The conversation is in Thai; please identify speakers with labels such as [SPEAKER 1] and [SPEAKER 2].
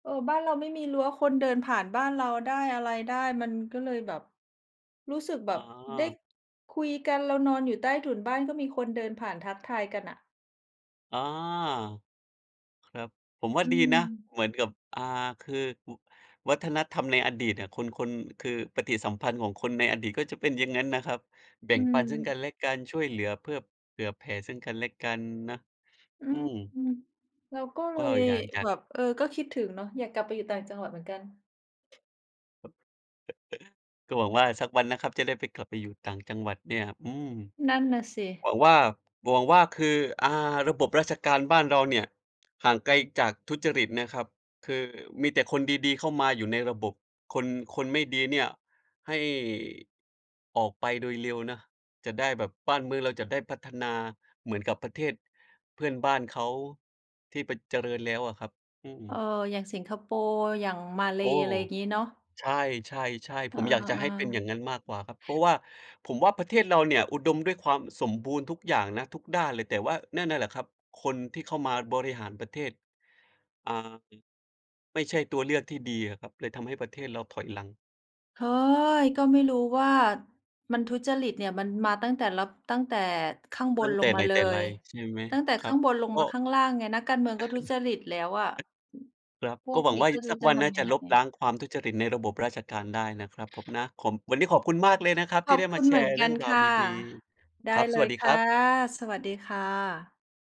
[SPEAKER 1] เออ บ้านเราไม่มีรั้ว คนเดินผ่านบ้านเราได้ อะไรได้ มันก็เลยแบบ รู้สึกแบ
[SPEAKER 2] อ๋
[SPEAKER 1] บได้
[SPEAKER 2] อ
[SPEAKER 1] คุยกัน เรานอนอยู่ใต้ถุนบ้านก็มีคนเดินผ่านทักทายกันน่ะ
[SPEAKER 2] อ๋อ ครับ ผมว่า
[SPEAKER 1] อื
[SPEAKER 2] ดีนะ
[SPEAKER 1] ม
[SPEAKER 2] เหมือนกับ อ่า คือ อ วัฒนธรรมในอดีตเนี่ย คน คน คือปฏิสัมพันธ์ของคนในอดีตก็จะเป็นอย่างงั้นนะครับ แบ่
[SPEAKER 1] อื
[SPEAKER 2] งปันซึ่งก
[SPEAKER 1] ม
[SPEAKER 2] ันและกัน ช่วยเหลือเพื่อ เผื่อแผ่ซึ่งกันและกันนะ
[SPEAKER 1] อื
[SPEAKER 2] อื
[SPEAKER 1] ม
[SPEAKER 2] ม
[SPEAKER 1] เราก็ เ
[SPEAKER 2] ก
[SPEAKER 1] ล
[SPEAKER 2] ็
[SPEAKER 1] ย
[SPEAKER 2] อยากจะ
[SPEAKER 1] แบบ เออ ก็คิดถึงเนาะ อยากกลับไปอยู่ต่างจังหวัดเหมือนกัน
[SPEAKER 2] ก็หวังว่าสักวันนะครับ จะได้ไป กลับไปอยู่ต่างจังหวัดเนี่ย อืม
[SPEAKER 1] นั่นน่ะส
[SPEAKER 2] หว
[SPEAKER 1] ิ
[SPEAKER 2] ังว่า หวังว่า คือ อ่า ระบบราชการบ้านเราเนี่ยห่างไกลจากทุจริตนะครับ คือมีแต่คนดี ๆ เข้ามาอยู่ในระบบ คน คนไม่ดีเนี่ยให้ ออกไปโดยเร็วนะ จะได้แบบ บ้านเมืองเราจะได้พัฒนาเหมือนกับประเทศเพื่อนบ้านเขาที่ไป เจริญแล้วอะครับ อืม
[SPEAKER 1] เออ อย่างสิงคโปร์ อย่างมาเล
[SPEAKER 2] โอ้
[SPEAKER 1] อะไรอย่างงี้เนาะ
[SPEAKER 2] ใช่ ๆ ๆ
[SPEAKER 1] เ
[SPEAKER 2] ผ
[SPEAKER 1] ออ
[SPEAKER 2] มอยากจะให้เป็นอย่างงั้นมากกว่าครับ เพราะ
[SPEAKER 1] ๆ
[SPEAKER 2] ว่าผมว่าประเทศเราเนี่ยอุดมด้วยความสมบูรณ์ทุกอย่างนะ ทุกด้านเลย แต่ว่านั่นน่ะแหละครับ คนที่เข้ามาบริหารประเทศ อ่า อ ไม่ใช่ตัวเลือกที่ดีอะครับ เลยทำให้ประเทศเราถอยหลัง
[SPEAKER 1] เฮ้อ ก็ไม่รู้ว่ามันทุจริตเนี่ยมันมาตั้งแต่ ร ตั้งแต่ข้างบ
[SPEAKER 2] ตั
[SPEAKER 1] น
[SPEAKER 2] ้ง
[SPEAKER 1] ล
[SPEAKER 2] แต
[SPEAKER 1] ง
[SPEAKER 2] ่ไ
[SPEAKER 1] ม
[SPEAKER 2] ห
[SPEAKER 1] า
[SPEAKER 2] น
[SPEAKER 1] เล
[SPEAKER 2] แต่ไร
[SPEAKER 1] ย
[SPEAKER 2] ใช่ไหม
[SPEAKER 1] ตั้งแต่
[SPEAKER 2] ค
[SPEAKER 1] ข
[SPEAKER 2] รั
[SPEAKER 1] ้า
[SPEAKER 2] บ
[SPEAKER 1] งบนลง
[SPEAKER 2] ก
[SPEAKER 1] มา
[SPEAKER 2] ็
[SPEAKER 1] ข้างล่างไง นักการเมืองก็ทุจริตแล้วอะ
[SPEAKER 2] ครับ
[SPEAKER 1] พ
[SPEAKER 2] ก
[SPEAKER 1] ว
[SPEAKER 2] ็
[SPEAKER 1] ก
[SPEAKER 2] หวัง
[SPEAKER 1] นี้
[SPEAKER 2] ว่า
[SPEAKER 1] ก็ไม่ร
[SPEAKER 2] ส
[SPEAKER 1] ู
[SPEAKER 2] ั
[SPEAKER 1] ้
[SPEAKER 2] ก
[SPEAKER 1] จะ
[SPEAKER 2] วัน
[SPEAKER 1] ท
[SPEAKER 2] น่า
[SPEAKER 1] ำยั
[SPEAKER 2] จะ
[SPEAKER 1] งไง
[SPEAKER 2] ลบล้างความทุจริตในระบบราชการได้นะครับผมนะ ของ วันนี้ขอบคุณมากเลยนะครับ
[SPEAKER 1] ข
[SPEAKER 2] ที่
[SPEAKER 1] อ
[SPEAKER 2] ไ
[SPEAKER 1] บ
[SPEAKER 2] ด้
[SPEAKER 1] ค
[SPEAKER 2] มา
[SPEAKER 1] ุณ
[SPEAKER 2] แช
[SPEAKER 1] เหมือ
[SPEAKER 2] ร
[SPEAKER 1] น
[SPEAKER 2] ์เ
[SPEAKER 1] ก
[SPEAKER 2] รื
[SPEAKER 1] ั
[SPEAKER 2] ่อ
[SPEAKER 1] น
[SPEAKER 2] งรา
[SPEAKER 1] ค
[SPEAKER 2] ว
[SPEAKER 1] ่ะ
[SPEAKER 2] ดี
[SPEAKER 1] ได
[SPEAKER 2] ๆ
[SPEAKER 1] ้
[SPEAKER 2] ครับ
[SPEAKER 1] เ
[SPEAKER 2] ส
[SPEAKER 1] ล
[SPEAKER 2] วัส
[SPEAKER 1] ย
[SPEAKER 2] ดี
[SPEAKER 1] ค
[SPEAKER 2] ค
[SPEAKER 1] ่
[SPEAKER 2] ร
[SPEAKER 1] ะ
[SPEAKER 2] ับ
[SPEAKER 1] สวัสดีค่ะ